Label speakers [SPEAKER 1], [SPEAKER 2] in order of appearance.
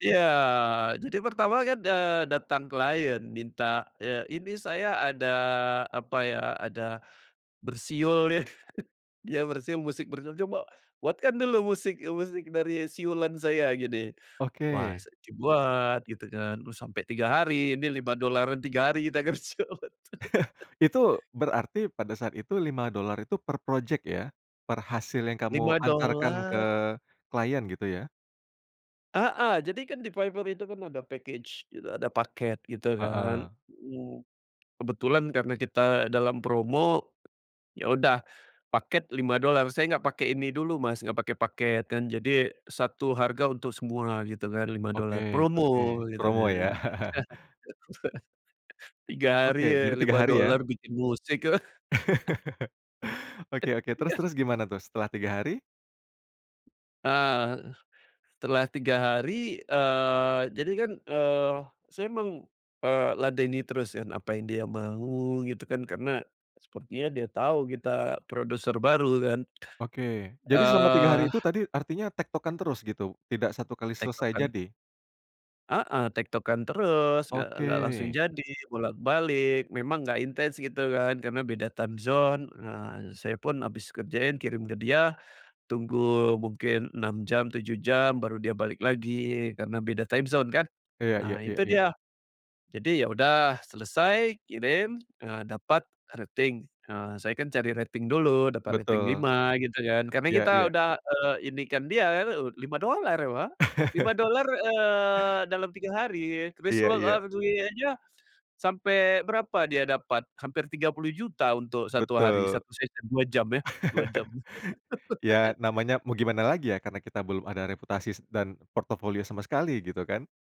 [SPEAKER 1] Iya, jadi pertama kan, eee, datang klien minta ya, "Ini saya ada," apa ya, "ada, bersiul ya," iya, bersiul, "musik bersiul, coba buatkan dulu musik musik dari siulan saya gini." Wah,
[SPEAKER 2] Oke.
[SPEAKER 1] saya coba buat gitu kan, terus sampai 3 hari, nih 5 dolaran 3 hari kita kerja, betul.
[SPEAKER 2] Itu berarti pada saat itu $5 itu per projek, ya? Per hasil yang kamu
[SPEAKER 1] Lima
[SPEAKER 2] antarkan ke
[SPEAKER 1] dolar.
[SPEAKER 2] klien, gitu ya?
[SPEAKER 1] Heeh, jadi kan di Fiverr itu kan ada package gitu, ada paket, gitu kan,
[SPEAKER 2] Heeh.
[SPEAKER 1] iya. Kebetulan karena kita dalam promo, ya, udah paket $5. Saya nggak pakai ini dulu, Mas, nggak pakai paket kan, jadi satu harga untuk semua gitu kan, lima
[SPEAKER 2] Oke,
[SPEAKER 1] dolar promo
[SPEAKER 2] oke,
[SPEAKER 1] gitu
[SPEAKER 2] promo, ya.
[SPEAKER 1] kan, 3 hari
[SPEAKER 2] Oke,
[SPEAKER 1] ya
[SPEAKER 2] jadi 3
[SPEAKER 1] lima
[SPEAKER 2] hari, ya.
[SPEAKER 1] dolar bikin musik.
[SPEAKER 2] Oke oke, terus
[SPEAKER 1] Tiga
[SPEAKER 2] terus gimana tuh setelah 3 hari?
[SPEAKER 1] Ah, setelah 3 hari, eee, jadi kan, eee, saya meng eee, ladeni terus yang, apa yang dia mau, gitu kan. Karena sepertinya dia tahu kita produser baru kan.
[SPEAKER 2] Oke, jadi selama 3
[SPEAKER 1] Eee
[SPEAKER 2] hari itu tadi artinya tektokan terus, gitu? Tidak satu kali selesai
[SPEAKER 1] Tektokan.
[SPEAKER 2] jadi?
[SPEAKER 1] Heeh, tektokan terus, nggak nggak langsung
[SPEAKER 2] Oke.
[SPEAKER 1] jadi, bolak-balik, memang nggak intens, gitu kan, karena beda time zone. Ah, saya pun habis kerjain kirim ke dia, tunggu mungkin 6 jam, 7 jam, baru dia balik lagi karena beda time zone kan.
[SPEAKER 2] Iya iya
[SPEAKER 1] Nah,
[SPEAKER 2] iya
[SPEAKER 1] itu
[SPEAKER 2] iya.
[SPEAKER 1] dia. Jadi, ya udah, selesai, kirim, eee, dapat rating. Eee, saya kan cari rating dulu, dapat rating
[SPEAKER 2] Betul.
[SPEAKER 1] 5, gitu kan, karena
[SPEAKER 2] Iya
[SPEAKER 1] kita
[SPEAKER 2] iya.
[SPEAKER 1] udah, eee, ini kan dia kan, ud $5, wah, lima dolar, eee, dalam 3 hari,
[SPEAKER 2] Iya iya.
[SPEAKER 1] [unintelligible] aja, sampai berapa dia dapat, hampir Rp30.000.000 untuk 1 hari,
[SPEAKER 2] Betul.
[SPEAKER 1] 1 second, 2 jam ya, 2 jam.
[SPEAKER 2] Ya, namanya mau gimana lagi ya, karena kita belum ada reputasi dan portofolio sama sekali, gitu kan.